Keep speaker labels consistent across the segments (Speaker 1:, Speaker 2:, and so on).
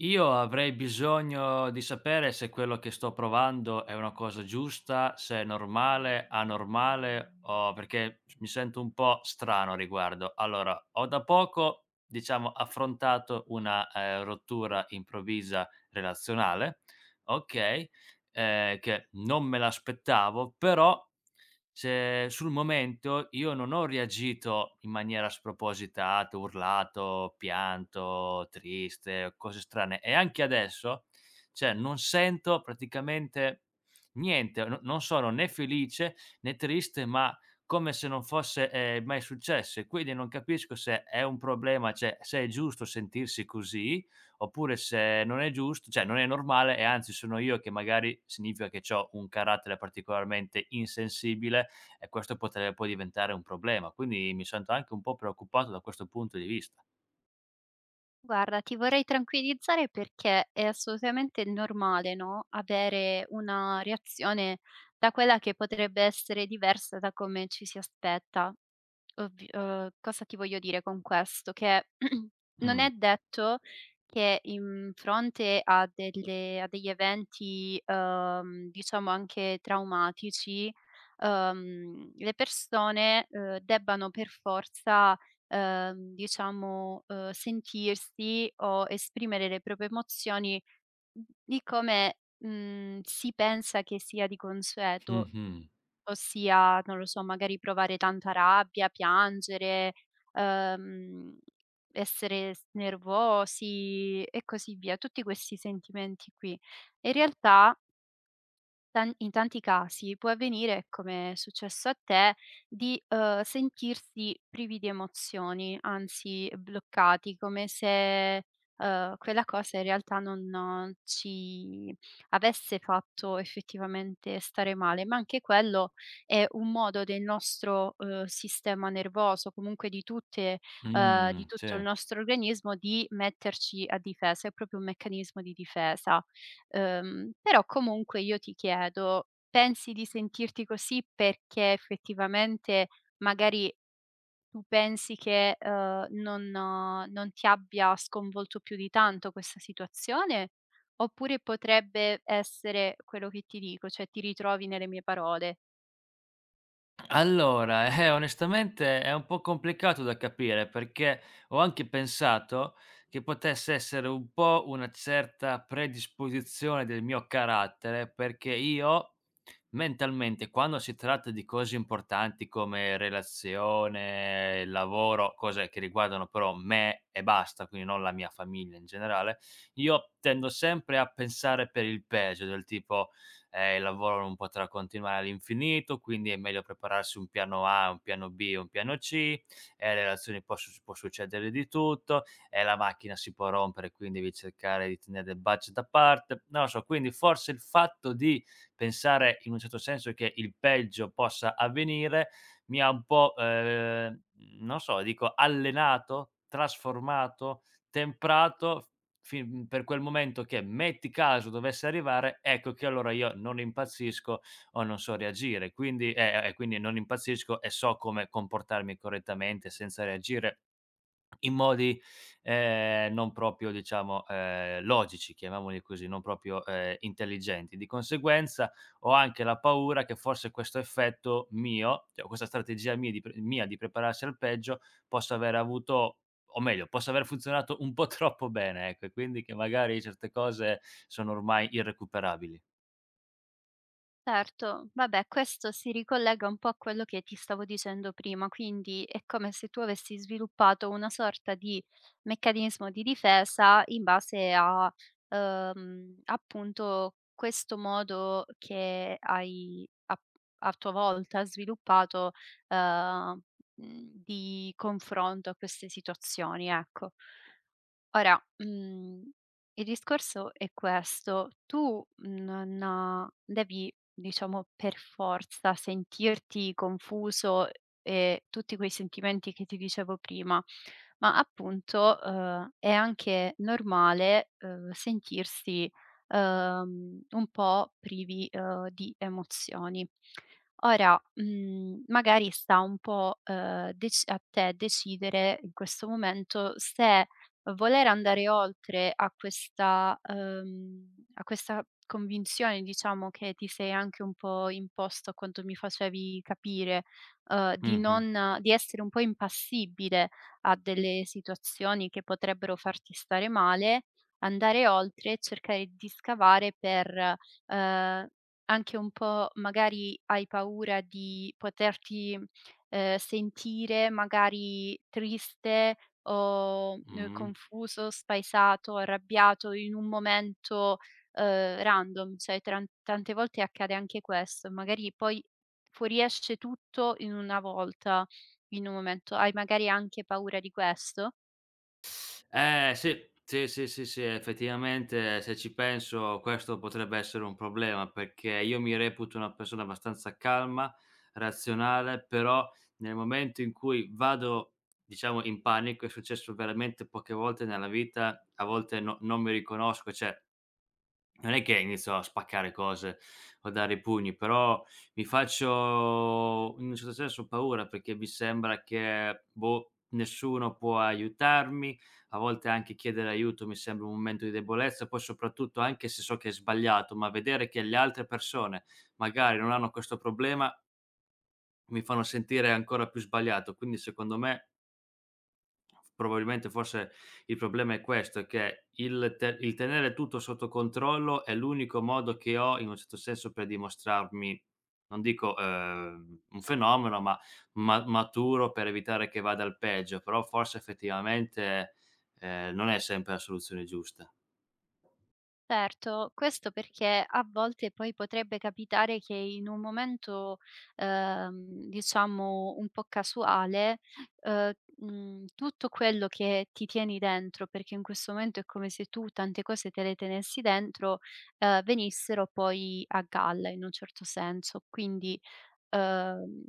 Speaker 1: Io avrei bisogno di sapere se quello che sto provando è una cosa giusta, se è normale, anormale o perché mi sento un po' strano a riguardo. Allora ho da poco, diciamo affrontato una, ehm, rottura improvvisa, relazionale, okay, ehm, che non me l'aspettavo. Però, cioè sul momento io non ho reagito in maniera spropositata, urlato, pianto, triste, cose strane e anche adesso, cioè non sento praticamente, niente: no non sono né felice, né triste, ma, come se non fosse, ehm, mai successo. E quindi non capisco se è un problema, cioè se è giusto sentirsi così, oppure se non è gius cioè non è normale e anzi sono io che magari significa che c'ho un carattere particolarmente insensibile, e questo potre può diventare un problema. Quindi mi sento anche un po' preoccupato da questo punto di vista.
Speaker 2: Guarda, ti vorrei tranquillizzare perché è assolutamente normale, no, avere una reazione da quella che potrebbe essere diversa da come ci si aspetta. Ovv uhm, cosa ti voglio dire con questo: che non è
Speaker 1: Mh.
Speaker 2: detto che in fronte a delle a degli eventi, uhm, diciamo anche traumatici, uhm, le persone, ehm, debbano per forza, ehm, diciamo, uhm, sentirsi o esprimere le proprie emozioni, di come, mhmm, si pensa che sia di consueto.
Speaker 1: Mh-mh.
Speaker 2: Ossia, non lo so, magari provare tanta rabbia, piangere, ehm, essere s nervosi e così via. Tutti questi sentimenti qui e in realtà Tan in tanti casi può avvenire, come è successo a te, di, uhm, sentirsi privi di emozioni, anzi bloccati, come se, uhm, quella cosa in realtà non ci avesse fatto effettivamente stare male. Ma anche quello è un modo del nostro, uhm, sistema nervoso, comunque di tutte uhm, di
Speaker 1: Mh,
Speaker 2: tutto il
Speaker 1: sì.
Speaker 2: nostro organismo, di metterci a difesa, è proprio un meccanismo di difesa. Ehm, però comunque io ti chiedo, pensi di sentirti così perché effettivamente, magari, tu pensi che, uhm, non non ti abbia sconvolto più di tanto questa situazione? Oppure potrebbe essere quello che ti dico, cioè ti ritrovi nelle mie parole.
Speaker 1: Allora, eh, onestamente è un po' complicato da capire, perché ho anche pensato che potesse essere un po' una certa predisposizione del mio carattere, perché io, mentalmente quando si tratta di cose importanti, come relazione, lavoro, cose che riguardano però me e basta, quindi non la mia famiglia in generale. Io tendo sempre a pensare per il peggio, del tipo: "Eh, il lavoro non potrà continuare all'infinito, quindi è meglio prepararsi un piano A, un piano B, un piano C, e le relazioni posso può succedere di tutto, e la macchina si può rompere, quin devi cercare di tenere del budget da parte". Non lo so, quindi, forse il fatto di pensare, in un certo senso, che il peggio possa avvenire, mi ha un po', ehm, non so, dico allenato, trasformato, temprato, f fin per quel momento che, metti caso dovesse arrivare, ecco che allora io non impazzisco, o non so reagire, quindi e e quindi non impazzisco, e so come comportarmi correttamente, senza reagire in modi, ehm, non proprio diciamo, ehm, logici, chiamiamoli così, non proprio, ehm, intelligenti. Di conseguenza, ho anche la paura che forse questo effetto mio cioè o questa strategia mia di pr mia di prepararsi al peggio, possa aver avuto o meglio, possa aver funzionato un po' troppo bene ecco e quindi che magari certe cose sono ormai irrecuperabili.
Speaker 2: Certo. Vabbè, questo si ricollega un po' a quello che ti stavo dicendo prima. Quindi è come se tu avessi sviluppato una sorta di meccanismo di difesa in base a, uhm, appunto questo modo che hai a a tua volta sviluppato, ehm, mhmm, di confronto a queste situazioni, ecco. Ora, uhm, il discorso è questo. Tu non devi, diciamo per forza sentirti confuso e tutti quei sentimenti che ti dicevo prima, ma appunto, uhm, è anche normale, uhm, sentirsi, uhm, un po' privi, uhm, di emozioni. Ora, mhmm, magari sta un po', uhm, dec a te decidere in questo momento se, voler andare oltre a questa, uhm, a questa convinzione, diciamo, che ti sei anche un po' imposto a quanto mi facevi capire, ehm, di
Speaker 1: Mh-mh.
Speaker 2: non di essere un po' impassibile a delle situazioni che potrebbero farti stare male. Andare oltre e cercare di scavare per, ehm, anche un po' magari hai paura di poterti, ehm, sentire magari triste o, ehm,
Speaker 1: Mh-mh.
Speaker 2: confuso, spaesato, arrabbiato in un momento, ehm, random, cioè tran tante volte accade anche questo. Magari poi fuoriesce tutto in una volta, in un momento. Hai magari anche paura di questo?
Speaker 1: Eh sì, sì, sì, sì, sì, eh, effettivamente se ci penso questo potrebbe essere un problema, perché io mi reputo una persona abbastanza calma, razionale, però nel momento in cui vado, diciamo in panico, è successo veramente poche volte nella vita, a volte no non mi riconosco cioè non è che inizio a spaccare cose o a dare i pugni, però, mi faccio, in un certo senso paura, perché mi sembra che boh, nessuno può aiutarmi, a volte anche chiedere aiuto mi sembra un momento di debolezza, poi soprattutto, anche se so che è sbagliato, ma vedere che le altre persone, magari non hanno questo problema mi fanno sentire ancora più sbagliato, quindi secondo me probabilmente forse il problema è questo, è che il te il tenere tutto sotto controllo, è l'unico modo che ho, in un certo senso, per dimostrarmi, non dico, ehm, un fenomeno ma ma maturo, per evitare che vada al peggio, però forse effettivamente, ehm, non è sempre la soluzione giusta.
Speaker 2: Erto, questo perché a volte poi potrebbe capitare che in un momento, ehm, diciamo un po' casuale, uhm, mhmm, tutto quello che ti tieni dentro, perché in questo momento è come se tu tante cose te le tenessi dentro, ehm, venissero poi a galla in un certo senso. Quindi, uhm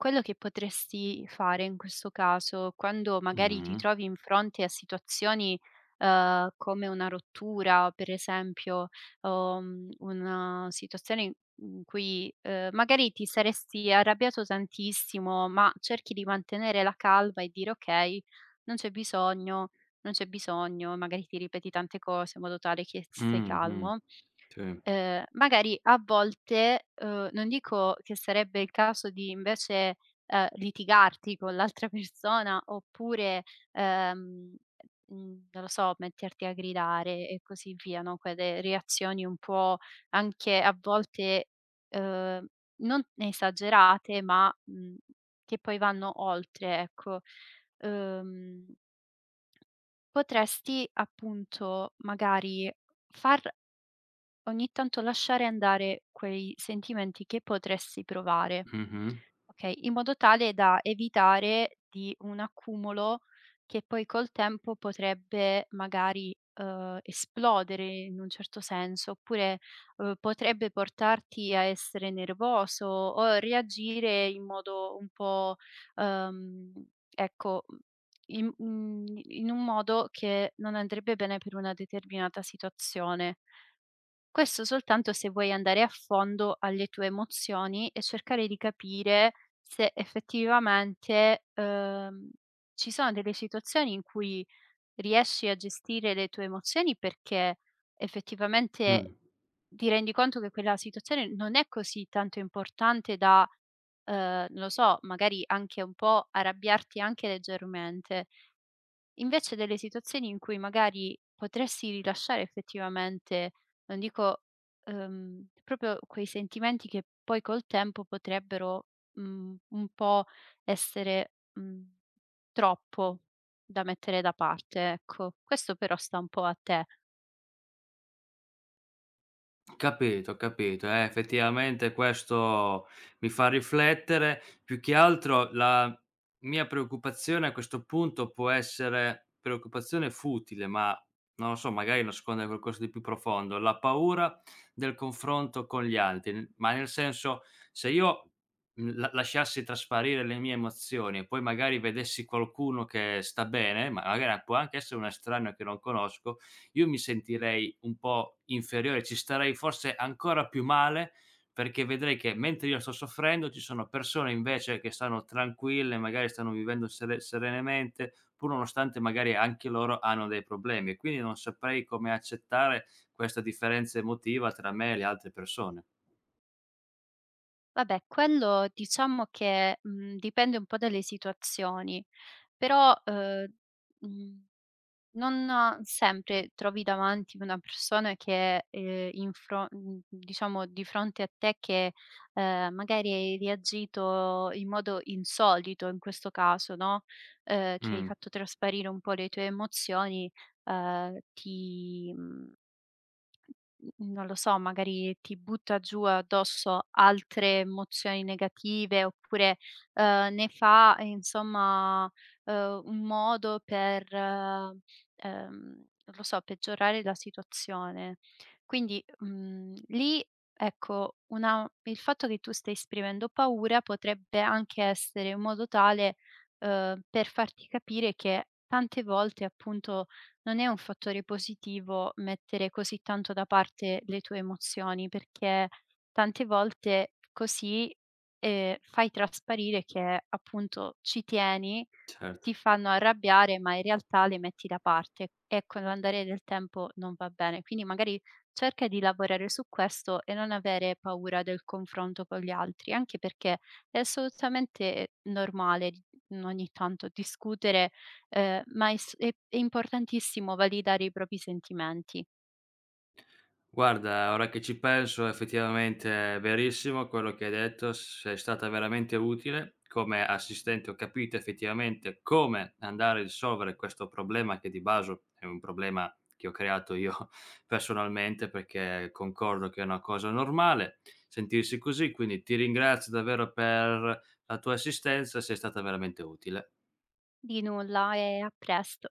Speaker 2: quello che potresti fare in questo caso, quando magari ti
Speaker 1: Mh-mh.
Speaker 2: trovi in fronte a situazioni, uhm, come una rottura, per esempio, uhm, una situazione i in cui, ehm, magari ti saresti arrabbiato tantissimo, ma cerchi di mantenere la calma e dire: "Okay, non c'è bisogno, non c'è bisogno", magari ti ripeti tante cose in modo tale che s stai
Speaker 1: Mh-mh,
Speaker 2: calmo.
Speaker 1: tì.
Speaker 2: Ehm, magari a volte, uhm, non dico che sarebbe il caso di invece, ehm, litigarti con l'altra persona oppure, ehm, mhmm, non lo so, metterti a gridare e così via, no, quelle reazioni un po' anche a volte, uhm, non esagerate, ma, mhmm, che poi vanno oltre ecco, uhm, potresti appunto, magari far ogni tanto lasciare andare quei sentimenti che potresti provare,
Speaker 1: Mh-mh.
Speaker 2: okay, in modo tale da evitare di un accumulo che poi col tempo potrebbe magari, uhm, esplodere in un certo senso. Oppure, uhm, potrebbe portarti a essere nervoso o reagire in modo un po', ehm, ecco, uhm, im un in un modo che non andrebbe bene per una determinata situazione. Questo soltanto se vuoi andare a fondo alle tue emozioni e cercare di capire se effettivamente, uhm, ci sono delle situazioni in cui riesci a gestire le tue emozioni. Perché
Speaker 1: Mh.
Speaker 2: effettivamente, ti rendi conto che quella situazione non è così tanto importante da, uhm, non lo so, magari anche un po' arrabbiarti anche leggermente. Invece delle situazioni in cui magari potresti rilasciare effettivamente, non dico, uhm, proprio quei sentimenti che poi col tempo potrebbero, mhmm, un po' essere, mhmm, troppo da mettere da parte, ecco. Questo però sta un po' a te.
Speaker 1: Capito, capito, eh, effettivamente questo mi fa riflettere. Più che altro la mia preoccupazione, a questo punto può essere preoccupazione futile ma, non lo so, magari nasconde qualcosa di più profondo, la paura del confronto con gli altri, n ma nel senso, se io, mhmm, la lasciassi trasparire le mie emozioni, e poi magari vedessi qualcuno che sta bene, ma la gara può anche essere una estraneo che non conosco, io mi sentirei un po' inferiore, ci starei forse ancora più male, perché vedrei che mentre io sto soffrendo ci sono persone invece che stanno tranquille, magari stanno vivendo sere serenamente, pur nonostante magari anche loro hanno dei problemi, e quindi non saprei come accettare questa differenza emotiva tra me e le altre persone.
Speaker 2: Vabbè, quello diciamo che, mhmm, dipende un po' dalle situazioni. Però, uhm, mhmm, non sempre trovi davanti una persona che, ehm, in fro mhmm, diciamo di fronte a te che, ehm, magari hai reagito in modo insolito in questo caso no, ehm, che hai
Speaker 1: Mhmm.
Speaker 2: fatto trasparire un po' le tue emozioni, ehm, ti mhmm, non lo so, magari ti butta giù addosso altre emozioni negative oppure, uhm, ne fa insomma, uhm, un modo per ehm, non lo so, peggiorare la situazione. Quindi, mhmm, lì, ecco, una il fatto che tu stai esprimendo paura, potrebbe anche essere in modo tale, uhm, per farti capire che tante volte, appunto, non è un fattore positivo mettere così tanto da parte le tue emozioni, perché tante volte così, ehm, fai trasparire che appunto ci tieni,
Speaker 1: Certo.
Speaker 2: ti fanno arrabbiare, ma in realtà le metti da parte, e con l'andare del tempo non va bene. Quindi, magari cerca di lavorare su questo e non avere paura del confronto con gli altri, anche perché è assolutamente normale n ogni tanto discutere, uhm, ma è s è è importantissimo validare i propri sentimenti.
Speaker 1: Guarda, ora che ci penso effettivamente è verissimo quello che hai detto, sei stata veramente utile come assistente, ho capito effettivamente come andare a risolvere questo problema, che di baso è un problema che ho creato io personalmente, perché concordo che è una cosa normale sentirsi così, quindi ti ringrazio davvero per la tua assistenza, sei stata veramente utile.
Speaker 2: Di nulla e a presto.